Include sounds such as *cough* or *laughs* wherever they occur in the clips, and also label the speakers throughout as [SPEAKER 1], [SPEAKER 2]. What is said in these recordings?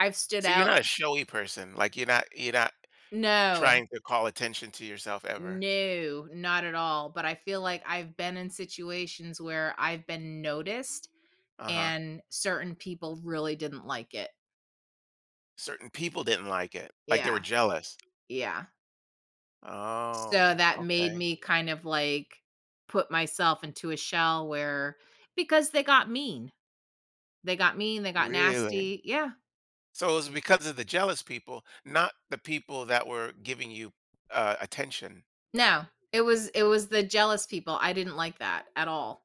[SPEAKER 1] I've stood
[SPEAKER 2] So, you're
[SPEAKER 1] out.
[SPEAKER 2] not a showy person? Like, you're not you're not
[SPEAKER 1] No.
[SPEAKER 2] trying to call attention to yourself ever?
[SPEAKER 1] No, not at all, but I feel like I've been in situations where I've been noticed,
[SPEAKER 2] Uh-huh.
[SPEAKER 1] and certain people really didn't like it.
[SPEAKER 2] Certain people didn't like it, like, they were
[SPEAKER 1] Yeah.
[SPEAKER 2] jealous?
[SPEAKER 1] Yeah. So,
[SPEAKER 2] Oh,
[SPEAKER 1] that made
[SPEAKER 2] okay.
[SPEAKER 1] me, kind of, like, put myself into a shell where because they got mean. They got mean, they got
[SPEAKER 2] Really?
[SPEAKER 1] nasty yeah.
[SPEAKER 2] So, it was because of the jealous people, not the people that were giving you, uh, attention?
[SPEAKER 1] No, it was it was the jealous people I didn't like that at all.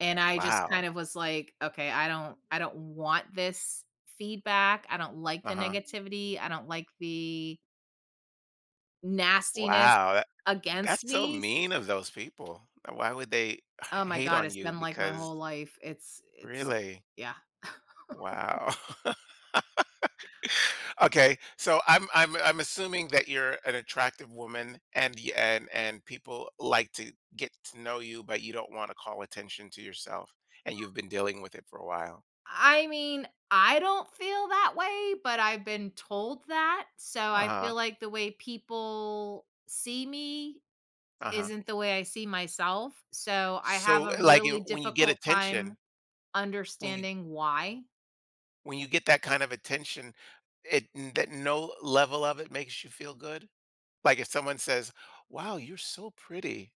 [SPEAKER 1] And I just, kind
[SPEAKER 2] Wow.
[SPEAKER 1] of was like, "Okay, I don't I don't want this feedback, I don't like the
[SPEAKER 2] Uh-huh.
[SPEAKER 1] negativity, I don't like the" nastiness
[SPEAKER 2] Wow, tha
[SPEAKER 1] against
[SPEAKER 2] that's so
[SPEAKER 1] me s
[SPEAKER 2] mean of those people, why would they h
[SPEAKER 1] Oh my
[SPEAKER 2] hate
[SPEAKER 1] god,
[SPEAKER 2] on
[SPEAKER 1] it's
[SPEAKER 2] you?
[SPEAKER 1] been, like, my
[SPEAKER 2] Because
[SPEAKER 1] whole life, it's it's
[SPEAKER 2] Really?
[SPEAKER 1] yeah. *chuckles*
[SPEAKER 2] Wow. *laughs* Okay, so I'm I'm I'm assuming that you're an attractive woman, and y and and people like to get to know you, but you don't wanna call attention to yourself, and you've
[SPEAKER 1] I
[SPEAKER 2] been dealing with it for a while?
[SPEAKER 1] I mean, I don't feel that way, but I've been told that, so I
[SPEAKER 2] Uh-huh.
[SPEAKER 1] feel like the way people see me
[SPEAKER 2] Uh-huh.
[SPEAKER 1] isn't the way I see myself, so I have
[SPEAKER 2] So,
[SPEAKER 1] a
[SPEAKER 2] eh, like
[SPEAKER 1] really
[SPEAKER 2] when you get
[SPEAKER 1] difficult time
[SPEAKER 2] attention when you
[SPEAKER 1] understanding why.
[SPEAKER 2] when you get that kind of attention, it that no level of it makes you feel good? Like, if someone says, "Wow, you're so pretty."